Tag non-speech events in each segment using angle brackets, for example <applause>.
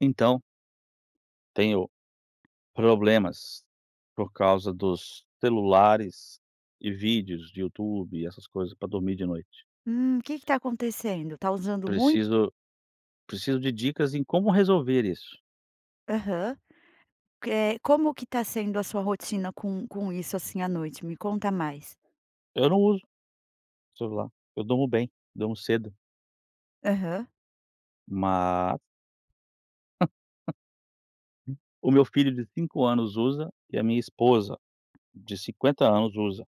Então tenho problemas por causa dos celulares e vídeos de Youtube, essas coisas, pra dormir de noite. Hum. Que que tá acontecendo, tá usando muito? Preciso preciso de dicas em como resolver isso. Aham. Que é como que tá sendo a sua rotina com com isso assim, à noite? Me conta mais. Eu não uso celular, eu durmo bem, durmo cedo. Aham. Mas <laughs> o meu filho de 5 anos usa e a minha esposa de 50 anos usa.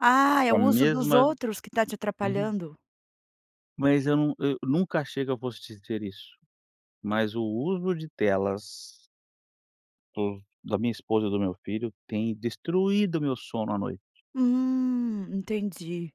Ah, é Com o a uso dos mesma outros que tá te Ain atrapalhando. Mas eu num eu nunca achei que eu fosse te dizer isso, mas o uso de telas do da minha esposa e do meu filho, tem destruído meu sono à noite. Hum, entendi,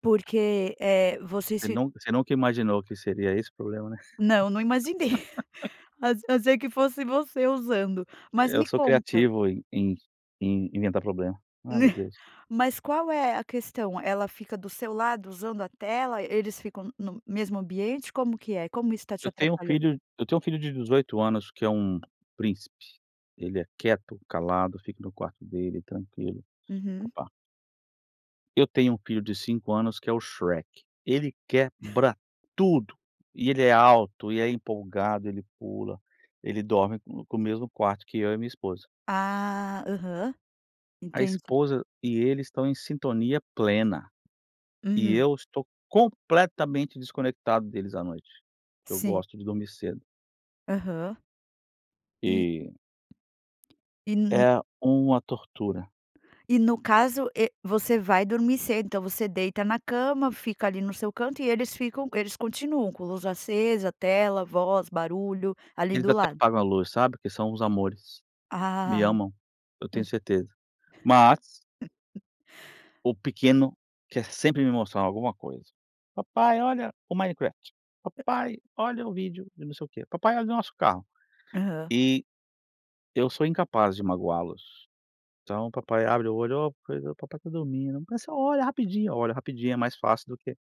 porque, eh, vocês Você fi nun você nunca imaginou que seria esse o problema, né? Não, não imaginei <laughs> <chuckles> ach achei que fosse você usando, mas Eu me sou conta criativo em em em inventar problema. Ai, Né. meu Deus. Mas qual é a questão? Ela fica do seu lado usando a tela? Eles ficam no no mesmo ambiente? Como que é? Como isso tá te Eu tenho um atrapalhando? filho eu tenho um filho de 18 anos que é um príncipe. Ele é quieto, calado, fica no quarto dele tranquilo. Pa Uhum. pa Eu tenho um filho de 5 anos que é o Shrek. Ele <chuckles> quebra tudo, e ele é alto, e é empolgado, ele pula, ele dorme com com o mesmo quarto que eu e minha esposa. Ah, aham, A entendi. esposa e ele estão em sintonia plena. E Uhum. eu estou completamente desconectado deles à noite, porque eu Sim. gosto de dormir cedo. Aham. E E E n n É uma tortura. E no caso e você vai dormir cedo, então você deita na cama fica ali no seu canto e eles ficam eles continuam com luz acesa, tela, voz, barulho, ali Eles do até lado? apagam a luz, sabe. Porque são uns amores, me Ah amam, eu tenho <unintelligible> certeza. Mas <laughs> o pequeno quer sempre me mostrar alguma coisa. "Papai olha o Minecraft, papai olha o vídeo de não sei o quê, papai olha o nosso carro". Aham. E eu sou incapaz de magoá-los. Então o papai abre o olho, "oh, pois, o papai está dormindo", "mas só olha rapidinho", eu olho rapidinho é mais fácil do que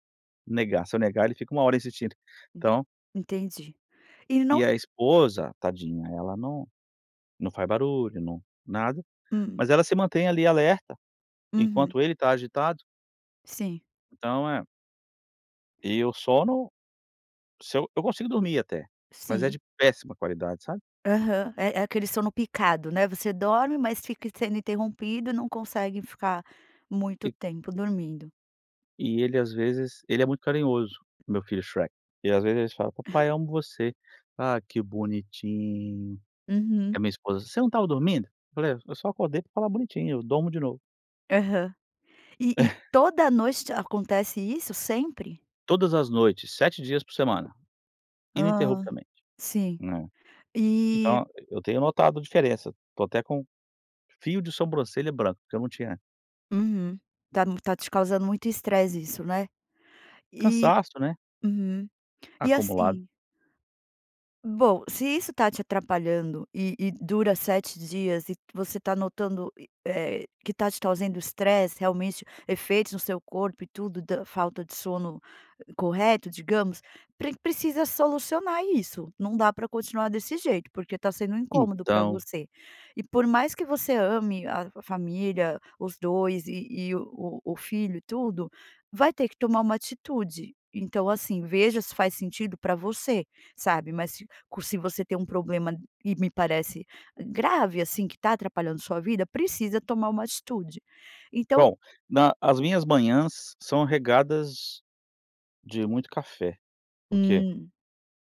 negar, se eu negar ele fica uma hora insistindo, Hum, então entendi, e ele não e a esposa, tadinha, ela não não faz barulho, não, nada, Hum. mas ela se mantém ali alerta, Uhum. enquanto ele está agitado. Sim. Então, eh e o sono, se eu eu consigo dormir até, mas é Sim. de péssima qualidade, sabe? Aham, é é aquele sono picado, né? Você dorme mas fica sendo interrompido e não consegue ficar muito E tempo dormindo. E ele às vezes ele é muito carinhoso, o meu filho, Shrek, e às vezes ele fala: "Papai, amo você". "Ah, que bonitinho". E Uhum. a minha esposa: "Você não estava dormindo?" Eu falei: "É, eu só acordei pra falar 'bonitinho', eu durmo de novo". Aham. E e <laughs> toda noite acontece isso, sempre? Todas as noites, 7 dias por semana, Hã, ininterruptamente. sim, É. e Então, e eu tenho notado diferença, tô até com fio de sobrancelha branca, que eu não tinha. Uhum, tá m tá te causando muito estresse isso, né? E Cansaço, né. uhum, e Acumulado. assim Bom, se isso tá te atrapalhando, e e dura 7 dias, e você tá notando, e eh, que tá te trazendo estresse, realmente, efeitos no seu corpo e tudo, da falta de sono correto, digamos, pre precisa solucionar isso, não dá pra continuar desse jeito, porque tá sendo um incômodo pra Então. você. E por mais que você ame a f família, os 2, e e o o filho e tudo, vai ter que tomar uma atitude. Então, assim, veja se faz sentido pra você, sabe, mas se co se você tem um problema e me parece grave, assim, que tá atrapalhando sua vida, precisa tomar uma atitude, então Bom, na as minhas manhãs são regadas de muito café, porque Hum,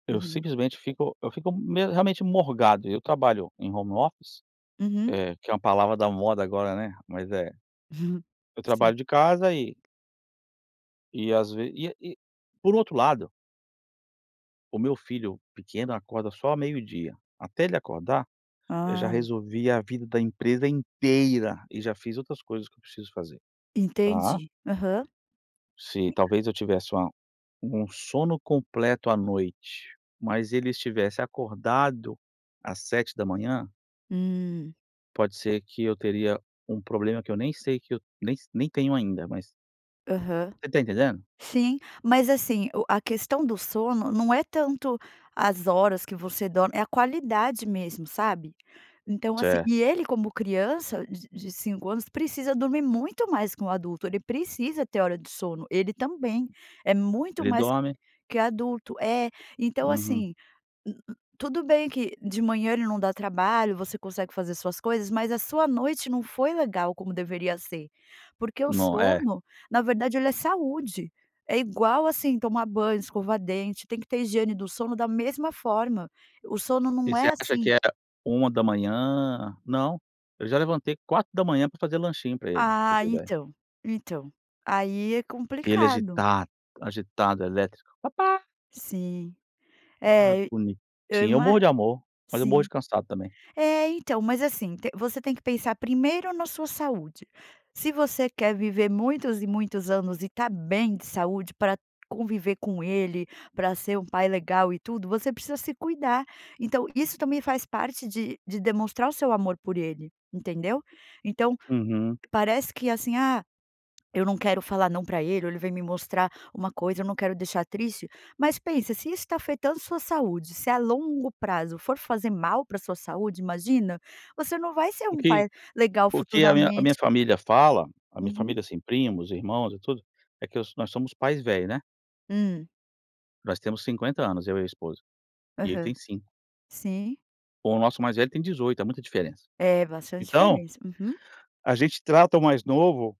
eu uhum. simplesmente fico eu fico me realmente morgado. Eu trabalho em home office, Uhum. eh, que é uma palavra da moda agora, né, mas é, Hum, eu sim. trabalho de casa e e às ve e e por outro lado o meu filho pequeno acorda só ao meio-dia. Até ele acordar, eu já Ah. resolvi a vida da empresa inteira e já fiz outras coisas que eu preciso fazer, tá? Entendi, aham. Se talvez eu tivesse uma um sono completo à noite, mas ele estivesse acordado às 7:00 Hum. pode ser que eu teria um problema que eu nem sei, que eu nem s nem tenho ainda, mas Aham. Você tá entendendo? Sim, mas, assim, o a questão do sono não é tanto as horas que você dorme, é a qualidade mesmo, sabe? Então, assim Certo. e ele como criança de de 5 anos precisa dormir muito mais que um adulto, ele precisa ter hora de sono, ele também, é muito Ele mais dorme que adulto. É, então, Uhum. assim, n n tudo bem que de manhã ele não dá trabalho, você consegue fazer suas coisas, mas a sua noite não foi legal como deveria ser, porque o No é. sono, na verdade, ele é saúde, é igual, assim, tomar banho, escovar dente, tem que ter higiene do sono da mesma forma, o sono E não você é acha que assim era 1:00? Não, eu já levantei 4:00 pra fazer lanchinho pra ele, pra você Ah, ter ideia. então, então, aí é Ele é complicado. agitado, agitado, elétrico, papai. Sim. Ai É, eu bonitinho, eu ima morro de amor, mas eu morro de sim. cansado também. É, então, mas assim, t você tem que pensar primeiro na sua saúde, se você quer viver muitos e muitos anos e estar bem de saúde pra conviver com ele, pra ser um pai legal e tudo, você precisa se cuidar. Então isso também faz parte de de demonstrar o seu amor por ele, entendeu? Então, Uhum. parece que, assim, "ah, eu não quero falar 'não' pra ele, ou ele vem me mostrar uma coisa, eu não quero deixar triste", mas pensa se isso tá afetando a sua saúde, se a longo prazo for fazer mal pra sua saúde, imagina, você não vai ser O um que pai legal o que a minha a minha futuramente. família fala, a minha Uhum. família, assim, primos, irmãos e tudo, é que os nós somos pais velhos, né. Hum. Nós temos 50 anos eu e a esposa e ele tem Aham. 5. Sim. Bom o nosso mais velho tem 18. Há muita diferença. É bastante Então feliz. Uhum. a gente trata o mais novo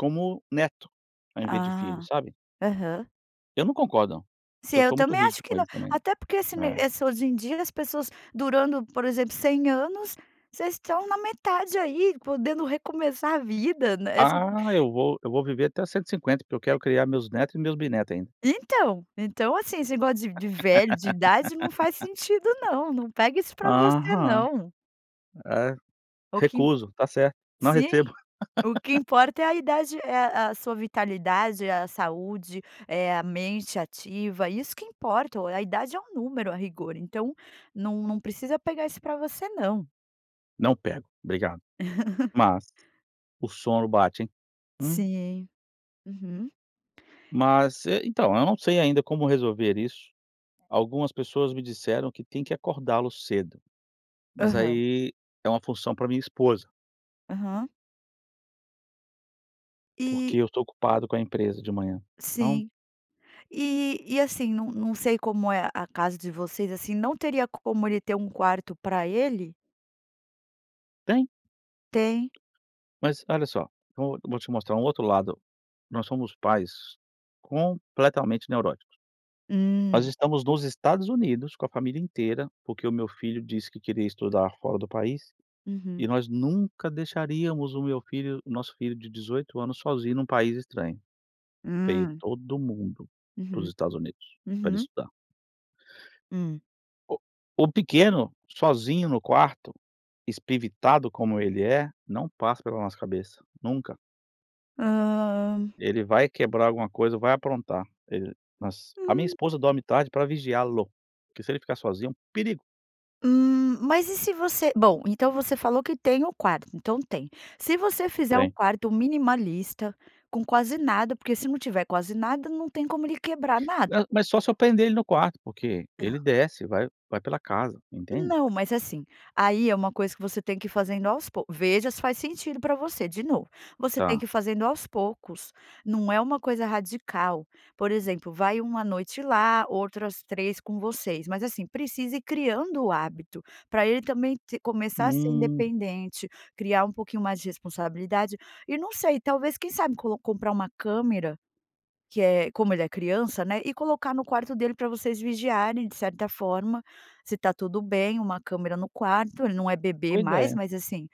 como neto ao invés de filho, Ah! sabe? Aham. Eu não concordo não, Sim, eu eu sou muito também acho rígido que com não, eles também, até porque esse me né. esse hoje em dia as pessoas durando, por exemplo, 100 anos. Vocês estão na metade aí, podendo recomeçar a vida, né, esse Ah, eu vou eu vou viver até 150 porque eu quero criar meus netos e meus bisnetos ainda. Então, então assim, esse negócio de <laughs> de velho, de idade, não faz sentido não. Não pega isso pra você Aham. não. É. O que Recuso. Tá certo, não Sim. recebo. O que <laughs> importa é a idade, é a a sua vitalidade, é a saúde, é a mente ativa, isso que importa o a idade é um número a rigor, então, num num precisa pegar isso pra você não. Não pego, obrigado. <laughs> Mas o sono bate. Hum. Sim. Uhum. Mas é, então, eu não sei ainda como resolver isso, algumas pessoas me disseram que tem que acordá-lo cedo, mas Aham. aí é uma função pra minha esposa. Aham. Porque E eu estou ocupado com a empresa de manhã. Então. Sim. E e assim, não não sei como é a casa de vocês, assim, não teria como ele ter um quarto pra ele? Tem. Tem? Mas, olha só, vou vou te mostrar um outro lado. Nós somos pais completamente neuróticos. Nós Hum. estamos nos Estados Unidos, com a família inteira, porque o meu filho disse que queria estudar fora do país, e Uhum. nós nunca deixaríamos o meu filho o nosso filho de 18 anos sozinho num país estranho. Veio Hum. todo mundo para os Uhum, Estados Unidos, pra ele uhum. estudar. Hum. O o pequeno, sozinho no quarto, espevitado como ele é, não passa pela nossa cabeça, nunca. Hã. Ele vai quebrar alguma coisa, vai aprontar. Ele mas a minha Hum. esposa dorme tarde pra vigiá-lo, porque se ele ficar sozinho é um perigo. Hum, mas e se você bom, então você falou que tem o quarto, então tem. Se você fizer um Tem. quarto minimalista com quase nada, porque se não tiver quase nada não tem como ele quebrar nada. Ma mas só se eu prender ele no quarto, porque Não. ele desce, vai vai pela casa entende? Não, mas assim, aí é uma coisa que você tem que ir fazendo aos poucos, veja se faz sentido pra você, de novo, você tem que Tá. ir fazendo aos poucos, não é uma coisa radical. Por exemplo, vai uma noite lá, outra as 3 com vocês, mas assim, precisa ir criando o hábito, pra ele também t começar a ser Hum. independente criar um pouquinho mais de responsabilidade, e não sei, talvez quem sabe colo comprar uma câmera, que é como ele é criança, né, e colocar no quarto dele pra vocês vigiarem de certa forma, se está tudo bem, uma câmera no quarto, ele não é bebê Boa mais, ideia. mas assim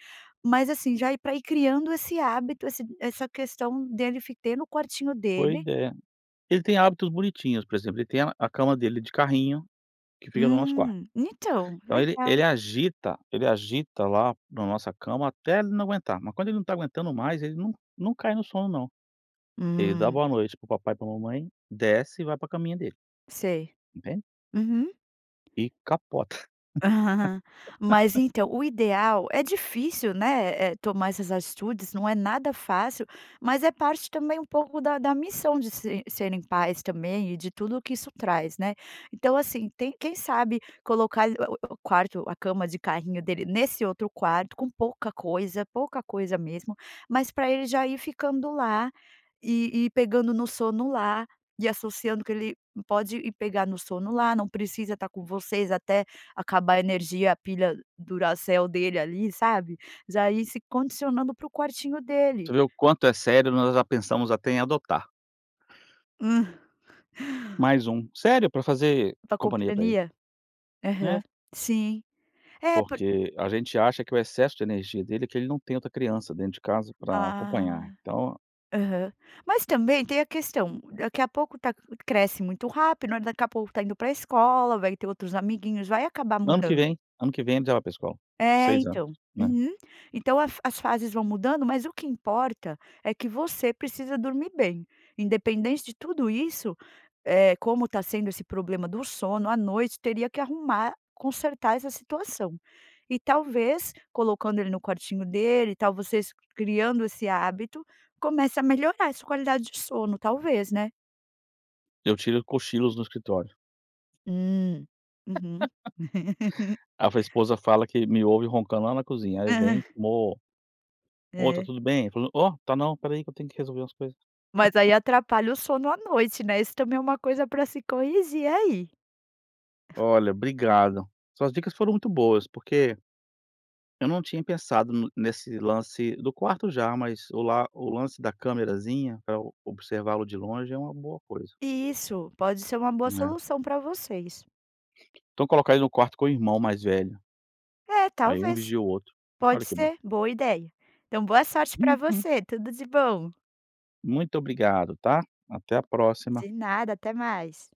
mas, assim, já ir pra ir criando esse hábito esse essa questão dele fi ter no quartinho Boa dele. ideia. Ele tem hábitos bonitinhos, por exemplo, ele tem a a cama dele de carrinho, que fica no nosso quarto. Hum, então, Então ele ele legal. agita ele agita lá na nossa cama até ele não aguentar, mas quando ele não tá aguentando mais ele não-não cai no sono não. Ele dá Hum. boa noite para o papai e pra mamãe desce, e vai pra caminha dele. Sei, Entende? uhum. E capota. <laughs> Mas <laughs> então, o ideal, é difícil, né, eh, tomar essas atitudes não é nada fácil, mas é parte também um pouco da da missão de se de serem pais também, e de tudo o que isso traz, né, então, assim, tem quem sabe colocar o o o quarto, a cama de carrinho dele nesse outro quarto com pouca coisa, pouca coisa mesmo, mas pra ele já ir ficando lá e e pegando no sono lá, e associando que ele pode ir pegar no sono lá, não precisa estar com vocês até acabar a energia, a pilha duracel dele ali, sabe? Já ir se condicionando pro quartinho dele. Você vê o quanto é sério, nós já pensamos até em adotar. Hum. Mais um, sério, pra fazer Pra companhia pra ele. companhia? Uhum, Né. sim. É por Porque a gente acha que o excesso de energia dele, é porque ele não tem outra criança dentro de casa pra acompanhar. Ah, Então aham, mas também tem a questão, daqui a pouco tá cresce muito rápido, olha daqui a pouco tá indo pra escola, vai ter outros amiguinhos, vai acabar Ano que mudando. vem, ano que vem ele já vai para a escola, É 6 anos, então, né? uhum. Então a fa as fases vão mudando, mas o que importa é que você precisa dormir bem, independente de tudo isso, eh, como tá sendo esse problema do sono, à noite teria que arrumar, consertar essa situação. E talvez, colocando ele no quartinho dele e tal, vocês criando esse hábito, começa a melhorar essa qualidade de sono, talvez, né? Eu tiro cochilos no escritório. Hum, uhum. <laughs> <laughs> A f a esposa fala que me ouve roncando lá na cozinha, aí Aham. vem, "Mô, mô, está É. tudo bem?" "Ô, tá, não, espera aí que eu tenho que resolver umas coisas". Mas aí <laughs> atrapalha o sono à noite, né, isso também é uma coisa pra se corrigir aí. Olha obrigado. Suas dicas foram muito boas, porque eu não tinha pensado n nesse lance, do quarto já, mas o lá o lance da camerazinha pra eu observá-lo de longe é uma boa coisa. Isso! Pode ser uma boa Né? solução pra vocês. Então colocar ele no quarto com o irmão mais velho. É, Aí um talvez. vigia o outro. Pode Olha que bom. ser, boa ideia. Então, boa sorte pra Uhum. você, tudo de bom. Muito obrigado, tá? Até a próxima. De nada, até mais.